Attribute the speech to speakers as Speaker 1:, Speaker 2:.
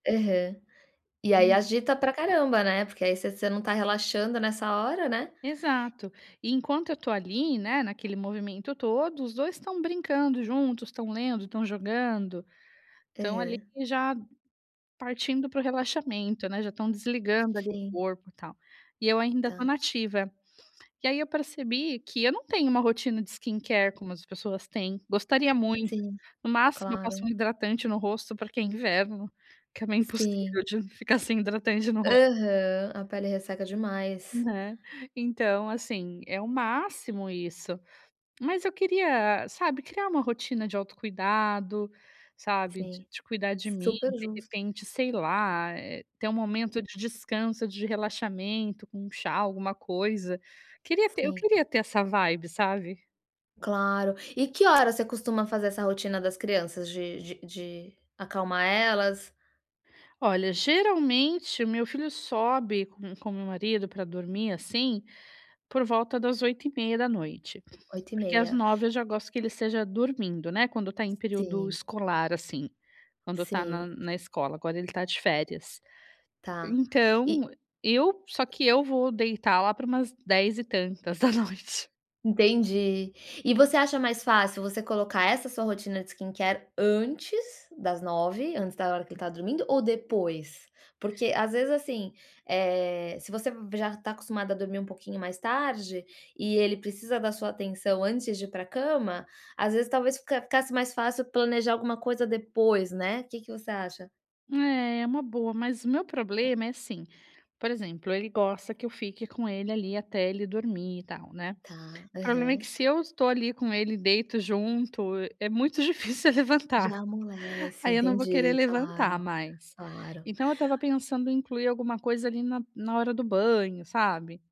Speaker 1: Aham. E aí
Speaker 2: Hum.
Speaker 1: agita pra caramba, né, porque aí você você não está relaxando nessa hora, né.
Speaker 2: Exato. E enquanto eu estou ali, né, naquele movimento todo, os 2 estão brincando juntos, estão lendo, estão jogando. Estão ali
Speaker 1: Aham.
Speaker 2: já partindo para o relaxamento, né, já estão desligando, ali, o
Speaker 1: Sim.
Speaker 2: corpo, tal. E eu ainda estou
Speaker 1: Tá.
Speaker 2: na ativa. E aí eu percebi que eu não tenho uma rotina de skincare como as pessoas têm, gostaria muito.
Speaker 1: Sim.
Speaker 2: No máximo eu passo
Speaker 1: Claro.
Speaker 2: um hidratante no rosto, porque é inverno, que é meio
Speaker 1: Sim.
Speaker 2: impossível de ficar sem hidratante no ros
Speaker 1: Aham, a pele resseca demais.
Speaker 2: Né. Então assim, é o máximo isso. Mas eu queria, sabe, criar uma rotina de autocuidado, sabe. D
Speaker 1: Sim.
Speaker 2: de cuidar de mim,
Speaker 1: Super
Speaker 2: de
Speaker 1: justo.
Speaker 2: repente, sei lá, eh, ter um momento de descanso, de relaxamento, com um chá, alguma coisa. Queria ter eu
Speaker 1: Sim.
Speaker 2: queria ter essa vibe, sabe.
Speaker 1: Claro. E que horas você costuma fazer essa rotina das crianças, de de de acalmar elas?
Speaker 2: Olha, geralmente, o meu filho sobe com com o meu marido pra dormir, assim, por volta das 20h30.
Speaker 1: oito e
Speaker 2: Porque às
Speaker 1: meia.
Speaker 2: 9, eu já gosto que ele esteja dormindo, né, quando está em período
Speaker 1: Sim.
Speaker 2: escolar, assim, quando está na
Speaker 1: Sim.
Speaker 2: na escola. Agora ele está de férias.
Speaker 1: Tá. E
Speaker 2: Então, eu só que eu vou deitar lá pra umas 10 e tantas da noite.
Speaker 1: Entendi. E você acha mais fácil, você colocar essa sua rotina de skincare antes das 9, antes da hora que ele está dormindo, ou depois? Porque, às vezes, assim, eh, se você v já está acostumada a dormir um pouquinho mais tarde, e ele precisa da sua atenção antes de ir para a cama, às vezes, talvez, fica ficasse mais fácil planejar alguma coisa depois, né. O que que você acha?
Speaker 2: É, é uma boa, mas o meu problema é assim, por exemplo, ele gosta que eu fique com ele, ali, até ele dormir, e tal, né.
Speaker 1: Tá,
Speaker 2: O problema é que
Speaker 1: aham.
Speaker 2: se eu estou ali com ele, deito junto, é muito difícil eu levantar.
Speaker 1: Já amolece.
Speaker 2: Aí eu não vou querer
Speaker 1: Entendi,
Speaker 2: levantar
Speaker 1: claro.
Speaker 2: mais.
Speaker 1: Claro.
Speaker 2: Então eu estava pensando em incluir alguma coisa, ali, na na hora do banho, sabe.